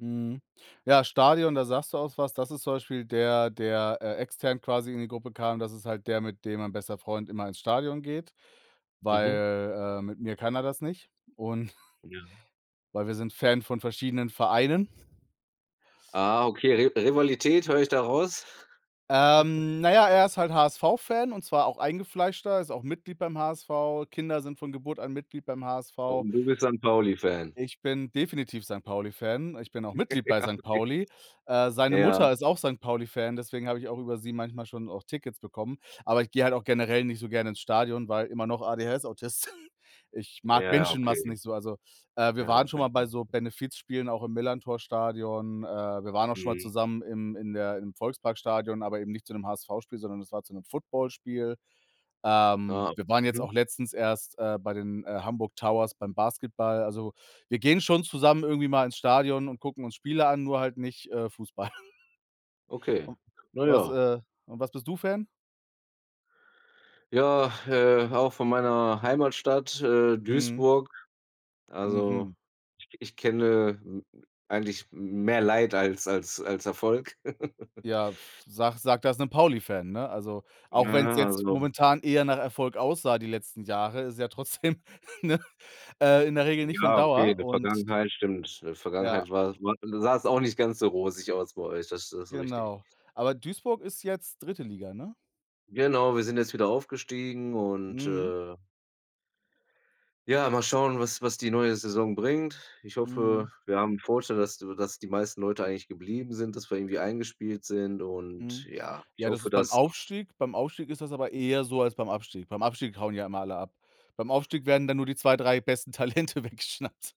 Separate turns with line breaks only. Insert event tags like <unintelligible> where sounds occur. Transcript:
Mhm. Ja, Stadion, da sagst du auch was. Das ist zum Beispiel der, der, äh, extern quasi in die Gruppe kam. Das ist halt der, mit dem mein bester Freund immer ins Stadion geht,
Mhm.
weil, äh, mit mir kann er das nicht, und <snorts>
Ja.
weil wir sind Fan von verschiedenen Vereinen.
Ah, okay, Ri Rivalität höre ich da raus. <chuckles>
Ähm, na ja, er ist halt HSV-Fan und zwar auch eingefleischter, ist auch Mitglied beim HSV, Kinder sind von Geburt an Mitglied beim HSV.
Und du bist Sankt-Pauli-Fan.
Ich bin definitiv Sankt-Pauli-Fan, ich bin auch Mitglied bei
<chuckles> Ja,
Sankt
okay.
Pauli. Äh, seine
Ja.
Mutter ist auch Sankt-Pauli-Fan, deswegen habe ich auch über sie manchmal schon auch Tickets bekommen, aber ich gehe halt auch generell nicht so gerne ins Stadion, weil immer noch ADHS, Autist. <snorts> Ich mag
Ja,
Menschenmassen
okay.
nicht so, also, äh, wir
Ja.
waren schon mal bei so
<unintelligible>
Benefizspielen, auch im Millerntor-Stadion, äh, wir waren auch schon mal
Mhm.
zusammen im in der im Volksparkstadion, aber eben nicht zu 'nem HSV-Spiel, sondern es war zu 'nem Footballspiel. Ähm,
Ah,
wir waren jetzt
mhm.
auch letztens erst, äh, bei den, äh, Hamburg Towers beim Basketball, also, wir gehen schon zusammen irgendwie mal ins Stadion und gucken uns Spiele an, nur halt nicht, äh, Fußball <snorts>
Okay,
u
na
was,
ja.
äh, und was bist du Fan?
Ja, äh, auch von meiner Heimatstadt, äh,
Mhm.
Duisburg. Also,
Mhm.
i ich kenne m eigentlich mehr Leid als als als Erfolg. <chuckles>
Ja, sage sage das 'nem Pauli-Fan, ne, also,
Na
auch wenn's
ja,
jetzt
also.
momentan eher nach Erfolg aussah die letzten Jahre, ist es ja trotzdem ne, äh, in der Regel nicht von
Ja, okay, in
Dauer
der
und
Vergangenheit stimmt äh, in der
Ja.
Vergangenheit war das mal sah es auch nicht ganz so rosig aus bei euch, das ist das ist richtig.
Genau. Aber Duisburg ist jetzt 3. Liga, ne?
Genau, wir sind jetzt wieder aufgestiegen und,
Mhm.
äh Ja, mal schauen, was was die neue Saison bringt. Ich hoffe,
Mhm.
wir haben 'n Vorteil, dass dass die meisten Leute eigentlich geblieben sind, dass wir irgendwie eingespielt sind und,
Mhm,
ja, ich
ja, das
hoffe,
ist beim
dass
Aufstieg, beim Aufstieg ist das aber eher so als beim Abstieg beim Abstieg hauen die ja immer alle ab. Beim Aufstieg werden dann nur die 2, 3 besten Talente weggeschnappt.